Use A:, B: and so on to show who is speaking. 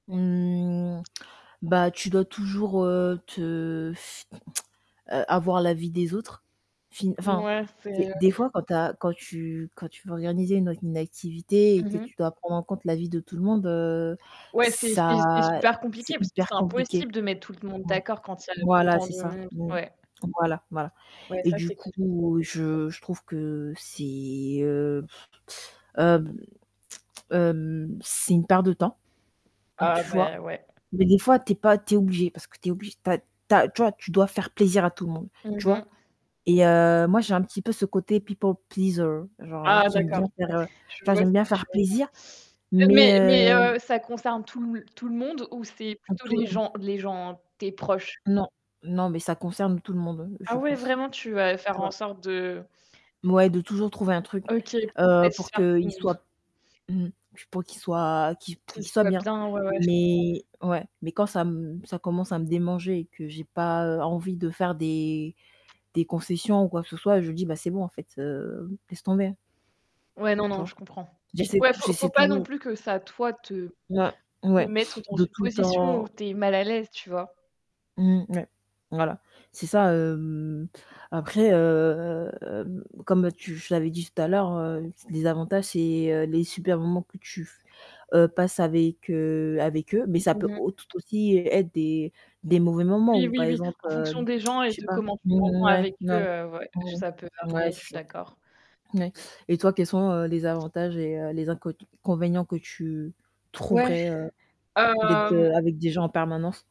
A: Mmh, bah tu dois toujours, heu, te f heu, avoir l'avis des autres. Enfin enfin,
B: Mouais, c'est,
A: des
B: heu
A: des fois quand tu as, quand tu quand tu veux organiser une auc une activité et
B: Mmh
A: que
B: mh.
A: tu dois prendre en compte l'avis de tout le monde, heu,
B: Ouais, c'est
A: ça
B: c'est c'est super compliqué,
A: c'est
B: parce que c'est
A: hyper compliqué.
B: impossible de mettre tout le monde
A: Mmh
B: d'accord, quand il y a, heu,
A: Voilà,
B: autant
A: c'est
B: de
A: ça.
B: monde,
A: Mmh.
B: ouais.
A: Voilà, voilà
B: Ouais,
A: et
B: ça,
A: du
B: c'est compliqué.
A: coup, je je trouve que c'est, heu, hem, hem, c'est une perte de temps,
B: Ah,
A: tu vois?
B: beh, ouais.
A: Mais des fois, tu es pas tu es obligé parce que tu es oblig tu as tu as tu vois? Tu dois faire plaisir à tout le monde,
B: Mmh
A: tu vois?
B: mh.
A: Et heu, moi, j'ai un petit peu ce côté people pleaser, genre
B: Ah
A: qui aime
B: d'accord.
A: bien faire, heu,
B: Je
A: genre
B: vois ce
A: j'aime
B: que
A: bien
B: tu
A: faire
B: veux
A: plaisir,
B: dire.
A: mais
B: Mais mais
A: heu
B: heu, ça concerne tout l tout le monde ou c'est
A: À
B: plutôt
A: tout
B: les
A: le monde.
B: gens les gens tes proches?
A: Non, non, mais ça concerne tout le monde,
B: Ah,
A: je
B: ouais,
A: pense,
B: vraiment, tu vas faire
A: tu
B: en
A: vois?
B: sorte de
A: Ouais, de toujours trouver un truc,
B: OK,
A: heu, pour
B: satisfaire tout le
A: qu'il
B: monde.
A: soit, mmh mh, pour qu'il soit qu'il pour
B: Qu'il
A: qu'il soit
B: soit
A: bien,
B: bien, ouais, ouais, je
A: mais
B: comprends.
A: ouais, mais quand ça m ça commence à me démanger, et que j'ai pas, heu, envie de faire des des concessions ou quoi que ce soit, je dis: «Bah c'est bon, en fait, heu, laisse tomber».
B: Ouais, non,
A: Tu
B: non,
A: vois?
B: je comprends.
A: J'essaie
B: Ouais, faut faut
A: j'essaie
B: pas non
A: toujours
B: plus que ça, toi, te
A: Ouais,
B: te
A: ouais,
B: mettre dans
A: de
B: une
A: tout le
B: position où
A: temps
B: tu es mal à l'aise, tu vois?
A: Mmh, ouais, voilà, c'est ça, hem, après, heu, comme tu je te l'avais dit tout à l'heure, heu, les avantages, c'est, heu, les super moments que tu f heu, passes avec, heu, avec eux, mais ça
B: Mmh
A: peut
B: mh.
A: au tout aussi être des des mauvais moments
B: Oui,
A: ou
B: oui,
A: par
B: oui,
A: exemple,
B: en fonction
A: hem,
B: des gens, et
A: je sais
B: de
A: pas.
B: comment tu
A: Mmh
B: t'entends
A: ouais,
B: avec eux,
A: ouais.
B: heu, ouais, heu, j
A: Mmh,
B: ça peut
A: ouais,
B: varier, je
A: c'est
B: suis
A: ça.
B: d'accord.
A: N ouais et toi, quels sont, heu, les avantages et heu, les incot inconvénients que tu
B: Ouais.
A: trouverais, heu, d'être
B: Hem
A: de avec des gens en permanence?